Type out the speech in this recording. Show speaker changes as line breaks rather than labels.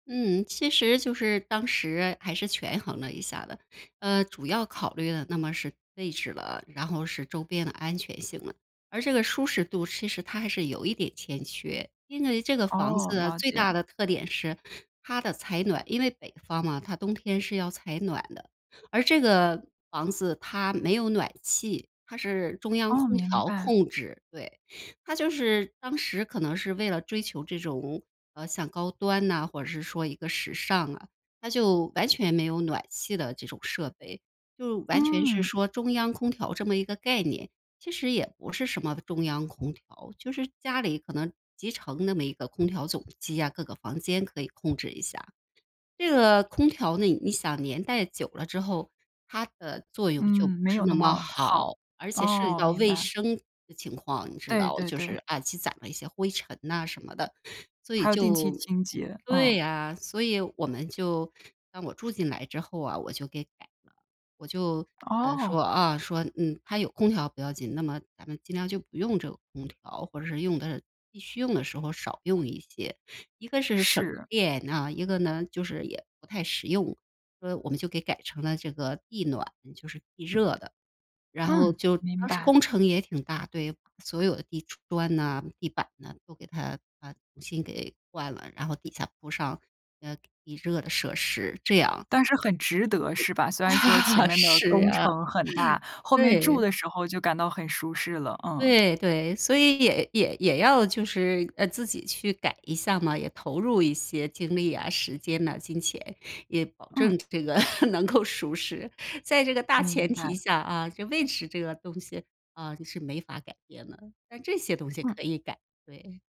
嗯，其实就是当时还是权衡了一下的。呃，主要考虑的那么是位置了，然后是周边的安全性了，而这个舒适度其实它还是有一点欠缺。因为这个房
哦，
子
了
最
解。
大的特点是它的采暖，因为北方嘛，它冬天是要采暖的。而这个房子它没有暖气，它是中央
哦，
空
明
调
白。
控制，对。它就是当时可能是为了追求这种，呃，像高端呐，或者是说一个时尚啊，它就完全没有暖气的这种设备，就完全是
嗯。
说中央空调这么一个概念。其实也不是什么中央空调，就是家里可能集成那么一个空调总机啊，各个房间可以控制一下。这个空调呢，你想年代久了之后，它的作用就
嗯，
不
没
是
有那
那么
么好。
好。而且涉及
哦，
到
明
卫
白。
生的情况，你知
对
道，
对
就
对。
是啊积攒了一些灰尘呐什么的。所以
还有定期
就
清洁，
对
嗯。
啊。所以我们就让我住进来之后啊，我就给改了，我就，呃，说，
哦。
啊，说：“嗯，它有空调不要紧，那么咱们尽量就不用这个空调，或者是用的必须用的时候少用一些。”一个是省
是。
电啊，一个呢就是也不太实用。所以我们就给改成了这个地暖，就是地热的。然后
嗯，
就
明
当时
白。
工程也挺大，对，所有的地砖呐、地板呐都给它把重新给换了，然后底下铺上，呃，地热的设施，这样。
但是很值得是吧？虽然说前 面的
是
工
啊。
程很大，后面住
对。
的时候就感到很舒适了，嗯。
对对，所以也也也要就是，呃，自己去改一下嘛，也投入一些精力啊，时间呐，金钱，也保
嗯。
证这个能够舒适，在这个大前
明白。
提下啊，就位置这个东西，啊，是没法改变的，但这些东西
嗯。
可以改，对。